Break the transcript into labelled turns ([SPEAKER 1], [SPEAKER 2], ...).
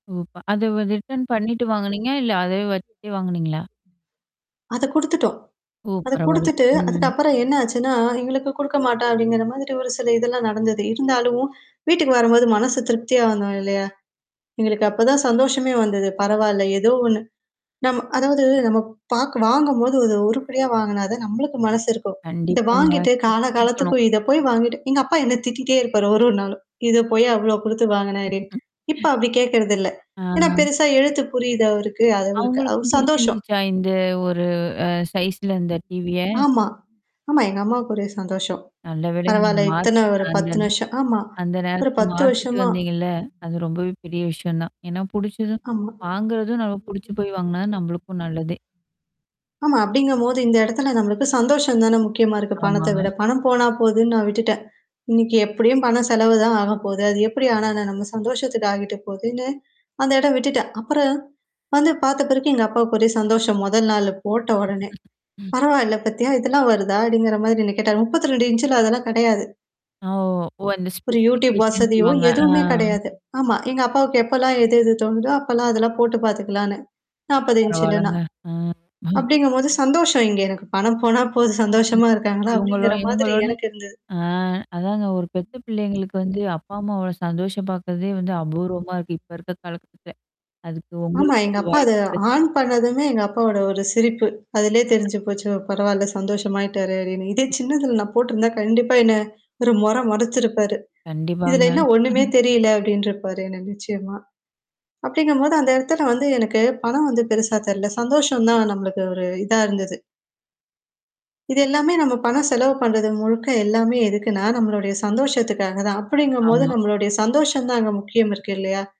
[SPEAKER 1] [unintelligible] அதுவ return பண்ணிட்டு வாங்குனீங்களா? இல்ல அதே வச்சுட்டே வாங்குனீங்களா?
[SPEAKER 2] அத குடுத்துட்டோம்.
[SPEAKER 1] ஓ!
[SPEAKER 2] அத
[SPEAKER 1] பரவால்ல.
[SPEAKER 2] குடுத்துட்டு,
[SPEAKER 1] ம்.
[SPEAKER 2] அதுக்கப்புறம் என்னாச்சுன்னா, எங்களுக்கு குடுக்கமாட்டா அப்பிடிங்கிறமாதிரி ஒரு சில இதெல்லாம் நடந்தது. இருந்தாலும் வீட்டுக்கு வரும்போது மனசு திருப்தியா வரணும் இல்லயா! எங்களுக்கு அப்பதான் சந்தோஷமே வந்தது. பரவால்ல. ஏதோ ஒன்னு. நம்ம அதாவது நம்ம பாக் வாங்கும்போது அது உருப்படியா வாங்குனாதான், நம்மளுக்கு மனசு இருக்கும். இத
[SPEAKER 1] கண்டிப்பாங்க.
[SPEAKER 2] வாங்கிட்டு, கால
[SPEAKER 1] சுத்தி இருக்கணும்.
[SPEAKER 2] காலத்துக்கு இத போய் வாங்கிட்டு எங்க அப்பா என்ன திட்டிட்டே இருப்பாரு ஒரு, ஒரு நாளும். இத போய் அவ்ளோ குடுத்து வாங்கனாரு. இப்ப அப்பிடி கேட்கிறதில்ல்ல. ஏன்னா,
[SPEAKER 1] ஆ.
[SPEAKER 2] பெருசா எழுத்து புரியுது அவருக்கு. அது ஒருக் அவரு அவ
[SPEAKER 1] அவுங்களுக்கும்
[SPEAKER 2] சந்தோஷம்.
[SPEAKER 1] பிடிச்சிருந்துச்சா? இந்த ஒரு அ சைஸ்ல இந்த TV ய.
[SPEAKER 2] ஆமா. ஆமா. எங்க அம்மாவுக்கு ஒரே சந்தோஷம்.
[SPEAKER 1] நல்லவேளைங்க, நீங்க
[SPEAKER 2] பரவால்ல. இத்தன
[SPEAKER 1] மாத்துனீங்க
[SPEAKER 2] ஒரு 10
[SPEAKER 1] [unintelligible]
[SPEAKER 2] வருஷம் ஆமா.
[SPEAKER 1] அந்த
[SPEAKER 2] ஒரு
[SPEAKER 1] நேரத்தல
[SPEAKER 2] 10
[SPEAKER 1] மாத்திட்டு
[SPEAKER 2] வருஷமா.
[SPEAKER 1] வந்தீங்கல்ல. அது ரொம்பவே பெரிய விஷயம் தான். ஏன்னா புடிச்சது.
[SPEAKER 2] ஆமா.
[SPEAKER 1] வாங்குறதும் நம்ம புடிச்சு போய் வாங்குனா தான் நம்மளுக்கும் நல்லதே!
[SPEAKER 2] [unintelligible] ஆமா. அப்பிடிங்கம்போது இந்த இடத்துல நம்மளுக்கு சந்தோஷம் தானே முக்கியமா இருக்கு. பணத்த விட.
[SPEAKER 1] ஆமாங்க.
[SPEAKER 2] பணம் போனா போதுன்னு நான் விட்டுட்டேன். இன்னக்கி எப்பிடியும் பணம் செலவு தான் ஆகப்போது. அது எப்பிடி ஆன என்ன? நம்ம சந்தோஷத்துக்கு ஆகிட்டு போகுதுன்னு, அந்த இடம் விட்டுட்டேன். அப்புறம் வந்து பார்த்த பிறகு எங்க அப்பாக்கு ஒரே சந்தோஷம். முதல் நாள்ல போட்ட உடனே.
[SPEAKER 1] ம்.
[SPEAKER 2] பரவால்ல பத்தியா, இதெல்லாம் வருதா! அப்பிடிங்கிறமாரி என்ன கேட்டாரு. 32 இன்ச்ல அதெல்லாம் கிடையாது.
[SPEAKER 1] அ ஓ! அந்த
[SPEAKER 2] ஒரு Youtube
[SPEAKER 1] ஸ்பெசிஃபிகேஷன்னு
[SPEAKER 2] வசதியோ!
[SPEAKER 1] சொல்லுவாங்க. ஆ.
[SPEAKER 2] எதுவுமே கிடையாது. ஆமா. எங்க அப்பாவுக்கு எப்பலாம் எது, எது தோணுதோ! அப்பல்லாம் அதெல்லாம் போட்டு பார்த்துக்கலான்னு. 40 இன்ஞ்லனா
[SPEAKER 1] பரவால்லங்க. அ
[SPEAKER 2] அப்பிடிங்கும்போது சந்தோஷம் இங்க எனக்கு பணம் போனா போது. சந்தோஷமா இருக்காங்களா?
[SPEAKER 1] இவுங்களோ
[SPEAKER 2] அப்பிடிங்கிற மாதிரி
[SPEAKER 1] இவுங்களோட
[SPEAKER 2] எனக்கு இருந்தது.
[SPEAKER 1] ஆ அதாங்க ஒரு பெத்த பிள்ளைங்களுக்கு வந்து அப்பா, அம்மா அவ்ளோ சந்தோஷம் பார்க்கிறதே வந்து அபூர்வமா இருக்கு. இப்ப இருக்க காலகட்டத்துல. அதுக்கு
[SPEAKER 2] ஆமா.
[SPEAKER 1] உங்களுக்கு
[SPEAKER 2] எங்க
[SPEAKER 1] அந்த
[SPEAKER 2] அப்பா அத
[SPEAKER 1] வாய்ப்பு கிடைச்சிருக்கு.
[SPEAKER 2] ஆன் பண்ணதுமே எங்க அப்பாவோட ஒரு சிரிப்பு. அதிலேயே தெரிஞ்சு போச்சு. பரவால்ல சந்தோஷமாயிட்டாரு அப்பிடின்னு. இதே சின்னதுல நான் போட்டருந்தா கண்டிப்பா என்ன ஒரு மொர மொரச்சிருப்பாரு. இதுல
[SPEAKER 1] கண்டிப்பாங்க.
[SPEAKER 2] என்ன ஒன்னுமே தெரியல அப்பிடின்ருப்பாரு. என்ன நிச்சயமா. அப்பிடிங்கும்போது அந்த இடத்துல வந்து எனக்கு பணம் வந்து பெருசா தெர்ல. சந்தோஷம் தான் நம்மளுக்கு ஒரு இதா இருந்தது. இது எல்லாமே நம்ம பணம் செலவு பண்றது முழுக்க எல்லாமே எதுக்குன்னா, நம்மளுடைய சந்தோஷத்துக்காக தான். அப்பிடிங்கும்போது
[SPEAKER 1] ஆமா.
[SPEAKER 2] நம்மளுடைய சந்தோஷம் தான் அங்க முக்கியம் இருக்கு இல்லயா!